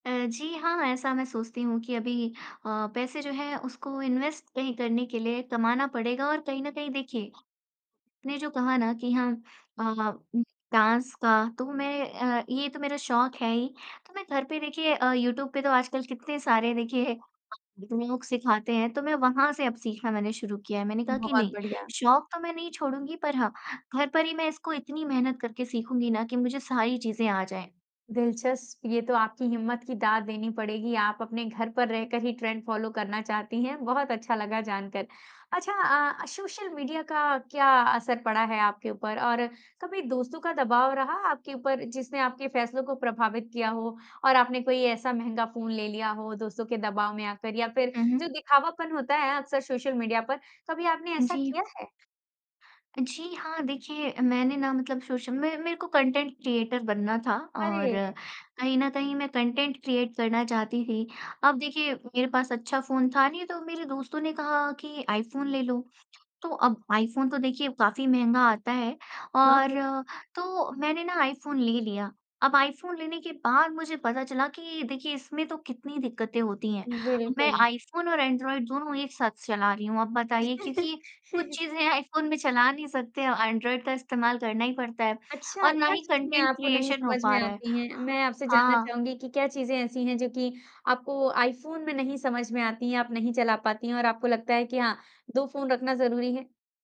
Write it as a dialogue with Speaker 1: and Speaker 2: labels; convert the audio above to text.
Speaker 1: अ, जी, हाँ, ऐसा मैं सोचती हूँ कि अभी अ, पैसे जो हैं उसको इन्वेस्ट कहीं करने के लिए कमाना पड़ेगा। और कहीं न कहीं देखिए, ने जो कहा ना कि हाँ, अ, उम, डाँस का, तो मैं अ, ये तो मेरा शौक़ है ही तो मैं घर पे देखिए अ, यूट्यूब पे तो आजकल कितने सारे देखिए, इतने लोग सिखाते हैं तो मैं वहाँ से अब सीखना मैंने शुरू किया है। मैंने कहा कि
Speaker 2: बहुत
Speaker 1: नहीं
Speaker 2: बढ़िया।
Speaker 1: शौक़ तो मैं नहीं छोड़ूँगी पर हाँ, घर पर ही मैं इसको इतनी मेहनत करके सीखूँगी ना कि मुझे सारी चीज़ें आ जाएँ।
Speaker 2: दिलचस्प, ये तो आपकी हिम्मत की दाद देनी पड़ेगी आप अपने घर पर रहकर ही ट्रेंड फॉलो करना चाहती हैं, बहुत अच्छा लगा जान कर। अच्छा अ, सोशल मीडिया का क्या असर पड़ा है आपके ऊपर? और कभी दोस्तों का दबाव रहा आपके ऊपर जिसने आपके फैसलों को प्रभावित किया हो और आपने कोई ऐसा महँगा फ़ोन ले लिया हो दोस्तों के दबाव में आकर या फिर
Speaker 1: हुँ, हुँ।
Speaker 2: जो दिखावापन होता है अक्सर सोशल मीडिया पर, कभी आपने ऐसा
Speaker 1: जी।
Speaker 2: किया है?
Speaker 1: जी, हाँ, देखिए मैंने ना मतलब सोश म मेरे को कंटेंट क्रिएटर बनना था और
Speaker 2: अरे!
Speaker 1: कहीं न कहीं मैं कंटेंट क्रिएट करना चाहती थी। अब देखिए मेरे पास अच्छा फ़ोन था नहीं तो मेरे दोस्तों ने कहा कि आईफोन ले लो। तो अब आईफोन तो देखिए काफ़ी महँगा आता है
Speaker 2: हाँ, हाँ।
Speaker 1: और, तो मैंने ना आईफोन ले लिया, अब आईफोन लेने के बाद मुझे पता चला कि देखिए इसमें तो कितनी दिक्कतें होती हैं। मैं
Speaker 2: बिल्कुल।
Speaker 1: आईफोन और एंड्रॉयड दोनों एक साथ चला रही हूँ आप बताइए क्योंकि, कुछ चीज़ें आईफोन में चला नहीं सकते एंड्रॉयड का इस्तेमाल करना ही पड़ता है
Speaker 2: अच्छा
Speaker 1: और ना
Speaker 2: क्या
Speaker 1: ही
Speaker 2: चीज़े
Speaker 1: कंटेंट
Speaker 2: आपको नहीं
Speaker 1: क्रिएशन हो
Speaker 2: समझ
Speaker 1: पा
Speaker 2: में
Speaker 1: रहा है,
Speaker 2: आती हैं? मैं आपसे जानना
Speaker 1: हाँ।
Speaker 2: चाहूँगी कि क्या चीज़ें ऐसी हैं जो की आपको आईफोन में नहीं समझ में आती हैं आप नहीं चला पाती हैं और आपको लगता है कि हाँ, 2 फ़ोन रखना ज़रूरी है?